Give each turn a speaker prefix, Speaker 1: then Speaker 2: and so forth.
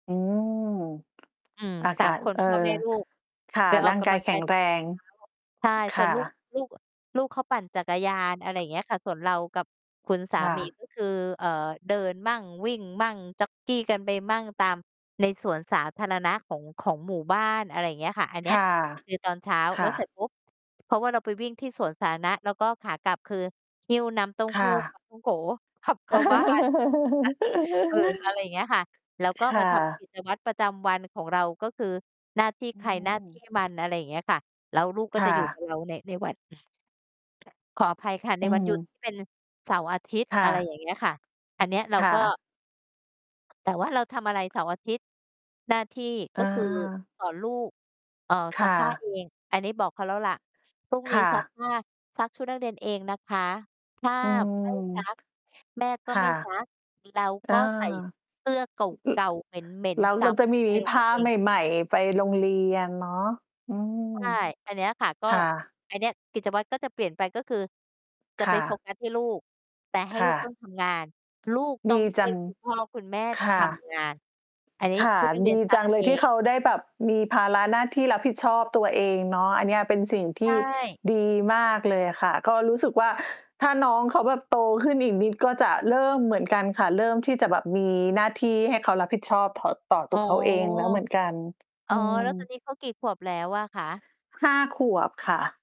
Speaker 1: อ๋อ
Speaker 2: อืม
Speaker 1: อา
Speaker 2: ส
Speaker 1: ก
Speaker 2: า
Speaker 1: า
Speaker 2: ม
Speaker 1: ศ
Speaker 2: คน
Speaker 1: เอ่อ
Speaker 2: พ่อแม่ลูก
Speaker 1: ค่ะ
Speaker 2: ไปอ
Speaker 1: ร
Speaker 2: อ
Speaker 1: ่า
Speaker 2: ก
Speaker 1: ง
Speaker 2: ก
Speaker 1: กา
Speaker 2: ำล
Speaker 1: ย
Speaker 2: ัง
Speaker 1: แข
Speaker 2: ก
Speaker 1: ็
Speaker 2: าย
Speaker 1: ง
Speaker 2: ต
Speaker 1: แ
Speaker 2: อ
Speaker 1: ร
Speaker 2: น
Speaker 1: ง
Speaker 2: เช้า ใช่
Speaker 1: ค
Speaker 2: ส่
Speaker 1: ่
Speaker 2: วน
Speaker 1: ะ
Speaker 2: ลูก ลูก ลูกเขาปั่นจักรยาน อะไรอย่างเงี้ยค่ะ ส่วนเรากับคุณสา
Speaker 1: ค่
Speaker 2: มี
Speaker 1: ะ
Speaker 2: ก็ คือ เอ่อ เดินมั่ง วิ่งมั่ง จ็อกกิง กันไปมั่ง ตามในสวนสาธารณะของ ของหมู่บ้าน อะไรอย่างเงี้ยค่ะ อันเน
Speaker 1: ค
Speaker 2: ี้ย
Speaker 1: ่ะ
Speaker 2: คือตอนเช้า
Speaker 1: ค
Speaker 2: แ
Speaker 1: ่
Speaker 2: ล้วเสร็
Speaker 1: ะ
Speaker 2: จปุ๊บ เพราะว่าเราไปวิ่งที่สวนสาธารณะ แล้วก็ขากลับคือหิ้วน้ำเต้า
Speaker 1: ค
Speaker 2: ห
Speaker 1: ่
Speaker 2: ู้ ป
Speaker 1: ะ
Speaker 2: า ท่องโก๋ ขับเข้าบ้าน เออ อะไรอย่างเงี้ยค่ะ แล้วก็
Speaker 1: ค
Speaker 2: มา
Speaker 1: ่ะ
Speaker 2: ทำกิจวัตรประจำวันของเรา ก็คือหน้าที่
Speaker 1: อ
Speaker 2: ใ
Speaker 1: ื
Speaker 2: คร หน้า ที
Speaker 1: ม
Speaker 2: ่มัน อะไรอย่างเงี้ยค่ะ แล้วลูกก็
Speaker 1: ค่
Speaker 2: จะอยู่ก
Speaker 1: ะ
Speaker 2: ับเราใน ในหวัด ขออภัยค่ะ ใน
Speaker 1: อื
Speaker 2: วันหยุด
Speaker 1: ม
Speaker 2: ที่เป็นเสาร์อาทิตย์
Speaker 1: ค่
Speaker 2: อะไร
Speaker 1: ะ
Speaker 2: อย่างเงี้ยค่ะ อันเนี้ยเรา
Speaker 1: ค่
Speaker 2: ก็
Speaker 1: ะ
Speaker 2: แต่ว่าเราทำอะไรเสาร์อาทิตย์ หน้าที่ก
Speaker 1: อ
Speaker 2: ็คือ
Speaker 1: า
Speaker 2: สอนลูก เอ่อ
Speaker 1: ค
Speaker 2: ซั
Speaker 1: ่
Speaker 2: กผ้า
Speaker 1: ะ
Speaker 2: เอง อันนี้บอกเขาแล้วล่ะ พรุ่ง
Speaker 1: ค
Speaker 2: นี้
Speaker 1: ่
Speaker 2: ซัก
Speaker 1: ะ
Speaker 2: ผ้า ซักชุดนักเรียนเองนะคะ ถ้า
Speaker 1: อืม
Speaker 2: ไม่ซัก แม่ก็
Speaker 1: ค่
Speaker 2: ไ
Speaker 1: ะ
Speaker 2: ม่ซัก เรา
Speaker 1: เอ
Speaker 2: ก
Speaker 1: อ
Speaker 2: ็ใส่เสื้อเก
Speaker 1: อ อือ
Speaker 2: ่า ๆ เหม็น
Speaker 1: แล้ว
Speaker 2: ๆ จ
Speaker 1: เร
Speaker 2: ั
Speaker 1: า
Speaker 2: บ
Speaker 1: จะมี
Speaker 2: ไปโร
Speaker 1: ผ
Speaker 2: งเรี
Speaker 1: ้
Speaker 2: ย
Speaker 1: า
Speaker 2: น เอ
Speaker 1: ใ
Speaker 2: ง
Speaker 1: หม่ ๆ ไป โรงเรียนเนาะ อืม
Speaker 2: ใช่ อันเนี้ยค่ะ ก็
Speaker 1: ค่ะ
Speaker 2: อันเนี้ยกิจวัตรก็จะเปลี่ยนไป ก็คือจะ
Speaker 1: ค
Speaker 2: ไป
Speaker 1: ่
Speaker 2: โฟ
Speaker 1: ะ
Speaker 2: กัสที่ลูก แต่ให้
Speaker 1: ค
Speaker 2: ล
Speaker 1: ่
Speaker 2: ูกต้อ
Speaker 1: ะ
Speaker 2: งทำงาน ลูกต
Speaker 1: ด
Speaker 2: ้อง
Speaker 1: ี
Speaker 2: ช
Speaker 1: จ
Speaker 2: ่
Speaker 1: ั
Speaker 2: วย
Speaker 1: ง
Speaker 2: คุณพ่อคุณแม่
Speaker 1: ค
Speaker 2: ท
Speaker 1: ่ะ
Speaker 2: ำงาน อันนี้
Speaker 1: ค่ะ
Speaker 2: ชุดนัก เร
Speaker 1: ด
Speaker 2: ียน
Speaker 1: ี
Speaker 2: ซั
Speaker 1: จ
Speaker 2: ก
Speaker 1: ังเล
Speaker 2: เอ
Speaker 1: ยที่
Speaker 2: ง
Speaker 1: เขาได้แบบมีภาระหน้าที่รับผิดชอบตัวเองเนาะ อันเนี้ยเป็นสิ่งท
Speaker 2: ใช
Speaker 1: ี่
Speaker 2: ่
Speaker 1: ดีมากเลยอะค่ะ ก็รู้สึกว่า ถ้าน้องเขาแบบโตขึ้นอีกนิดก็จะเริ่มเหมือนกันค่ะ เริ่มที่จะแบบมีหน้าที่ให้เขารับผิดชอบถ่อ ต่อ
Speaker 2: อ
Speaker 1: ตั
Speaker 2: ๋อ
Speaker 1: วเขาเองแล้วเหมือนกัน
Speaker 2: อ
Speaker 1: อ
Speaker 2: ๋อ
Speaker 1: ื
Speaker 2: แล้วต
Speaker 1: ม
Speaker 2: อนนี้เขากี่ขวบแล้วอะคะ?
Speaker 1: 5 ขวบค่ะ